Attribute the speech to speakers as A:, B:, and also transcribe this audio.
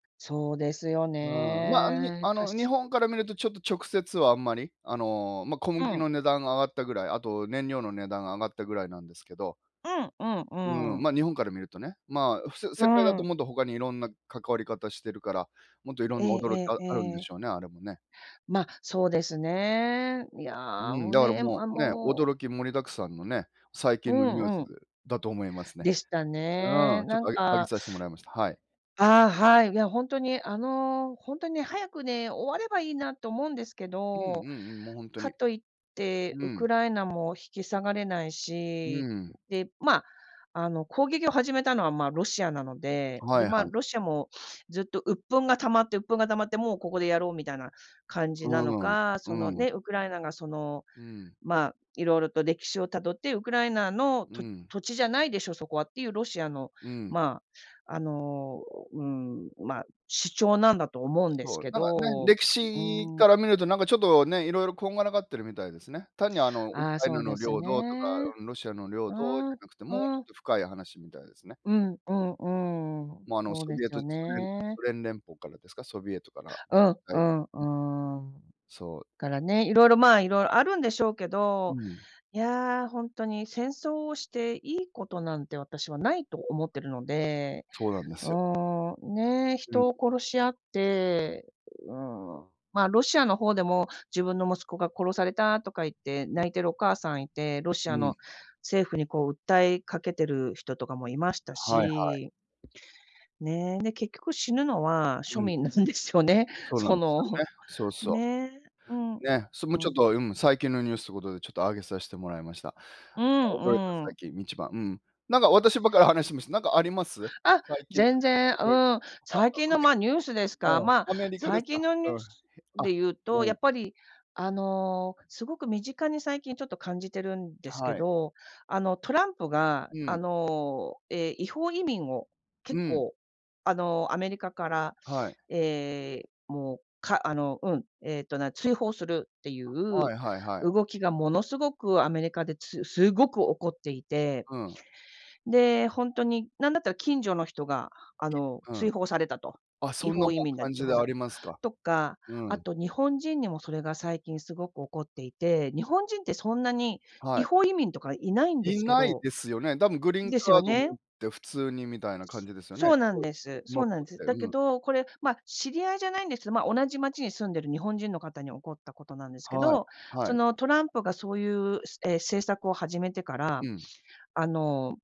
A: そうですよ
B: うん、ま、あんに
A: ね、
B: あ
A: 確
B: の、日本から見る
A: か。
B: とちょっと直接はあんまり、あの、まあ、小
A: う
B: 麦
A: ん。
B: の値段が上がったぐらい、あと燃料の値段が上がったぐらいなんですけど。
A: うんうん、う
B: うー
A: ー
B: ん、
A: ん。
B: まあ、日本から見るとね。まあ、普通、
A: う
B: 世界だ
A: ー
B: と
A: ん。
B: もっと他にいろんな関わり方してるから、もっといろん
A: え
B: な驚き
A: え
B: あ
A: ええ
B: あるんで
A: ええ。
B: しょうね、あれもね。
A: まあ、そうですね。いや、
B: うーん、
A: もう
B: だから
A: ね、
B: も
A: あ、
B: う、ね、
A: もう
B: 驚き盛りだくさんのね、最
A: う
B: 近のニュー
A: ん
B: ス
A: うん。
B: でだと思いますね。
A: でした
B: う
A: ね。
B: ん、ちょっ
A: なん
B: とあげあげ
A: か
B: させてもらいました。はい。
A: ああ、はい、いや、ほんとに、あの、ほんとね、早くね、終わればいいなと思うんですけ
B: うんう
A: ど、
B: んうん、もう、ほんと
A: か
B: に。
A: と言って
B: う
A: ウク
B: ん。
A: ライナも引き下がれない
B: うー
A: し、
B: ん。
A: で、まあ、あの、攻撃を始めたのは、まあ、ロシアなので、
B: は
A: で、
B: い
A: まあ、
B: はい。
A: ロシアもずっと鬱憤が溜まって鬱憤が溜まってもうここでやろうみたいな感
B: う
A: じなの
B: ーん。う
A: か、その
B: ーん。
A: ね、ウクライナがその、
B: うーん。
A: まあ、色々と歴史をたどって、ウクライナの
B: うー
A: と
B: ん。
A: 土地じゃないでしょ、そこはっていうロシアの、
B: うん。
A: まあ、あの、うーん、まあ、主張なんだと思うんです
B: そう、
A: け
B: なんかね、
A: ど、
B: 歴
A: う
B: 史
A: ーん。
B: から見ると、なんか、ちょっとね、色々こんがらがってるみたいですね。単に、あの、ウク
A: ああ、
B: ライ
A: そ
B: ナ
A: う
B: の
A: です
B: 領土とか、
A: ね。
B: うん、ロシアの領
A: う
B: 土じ
A: ー
B: ゃ
A: ん、
B: なくて、もうち
A: う
B: ょっ
A: ん。
B: と深い話みたいですね。
A: うん、うん、うーん、
B: まあ、あの、
A: そう
B: ソ
A: で
B: ビエ
A: す
B: ト
A: よ
B: 時ソ連
A: ね。
B: ソ連連邦からですか、ソビエトから、ん、
A: うん、
B: は
A: う
B: い。
A: ん、う
B: うん。
A: ーん。
B: そう。
A: からね、色々、まあ、いろあるんでしょうけ
B: う
A: ど、
B: ん。
A: いや、ほんとに戦争をしていいことなんて私はないと思ってるので。
B: そうなんで
A: う
B: すよ。
A: ーん、ね、
B: うん。
A: 人を殺し合って、うーん、まあ、ロシアの方でも、自分の息子が殺されたとか言って
B: う
A: 泣
B: ん。
A: いてるお母さんいて、ロシ
B: う
A: ア
B: ん。
A: の政府にこう訴えかけてる人とかもいました
B: はいは
A: し。
B: い。
A: ね、で、結局死ぬのは
B: う
A: 庶
B: ん。
A: 民なんですよね。
B: そうな
A: そ
B: んですよ
A: の、
B: ね。そうそう。
A: ね、うん。う
B: ね、それもちょっ
A: ん。
B: と、うん、最近のニュースということで、ちょっと挙げさせてもらいました。
A: う
B: 驚いた
A: んう
B: 最
A: ん。
B: 近、一番、うん。なんか、私ばっかり話しました。なんかあります？
A: あ、
B: 最近の
A: 全然、
B: ニュ
A: う
B: ースで
A: ーん。
B: 驚あ、
A: 最
B: あ
A: 近
B: と
A: の、
B: ね
A: まあ、ニュースですか。まあ、
B: うん、アメリカで
A: 最
B: すか？
A: 近のニ
B: う
A: ュー
B: ん。
A: ス
B: へあ、
A: で言う
B: う
A: と、や
B: ん。
A: っぱり、あの、すごく身近に最近ちょっと感じてるんですけ
B: はい。
A: ど、あの、トランプが、
B: う
A: あ
B: ん。
A: の、ええ、違法移民を
B: う
A: 結
B: ん。
A: 構、あの、アメリカから、
B: はい。
A: ええ、もう、かあの、うん、えっと、な追放するってい
B: あ、は
A: う
B: いはいはい。
A: 動きがものすごくアメリカですすごく起こっていて。
B: うん。
A: で、ほんとに、なんだったら近所の人が、あの、
B: うん。
A: 追放されたと。
B: あ、
A: 違
B: そんなも
A: 法移
B: う
A: 民だ
B: 感
A: と
B: じ
A: 追
B: で
A: 放
B: あ
A: さ
B: り
A: と。
B: ますか。
A: とか、
B: う
A: あ
B: ん。
A: と日本人にもそれが最近すごく起こっていて、日本人ってそんなに
B: は
A: 違
B: い。
A: 法移民とかいないんで
B: い
A: すけ
B: ない
A: ど
B: ですよね。多分グリーン
A: です
B: カ
A: よ
B: ード持
A: ね。
B: って普通にみたいな感じですよね。
A: そうな
B: そ
A: ん
B: う、
A: です、
B: の
A: そ
B: っ
A: うな
B: とっ
A: んです。
B: て、
A: だけ
B: うん。
A: ど、これ、ま、知り合いじゃないんです。ま、同じ町に住んでる日本人の方に起こったことなんですけ
B: はい、
A: ど、そ
B: はい。
A: の、トランプがそういう、すええ、政策を始めてから、
B: うん。
A: あの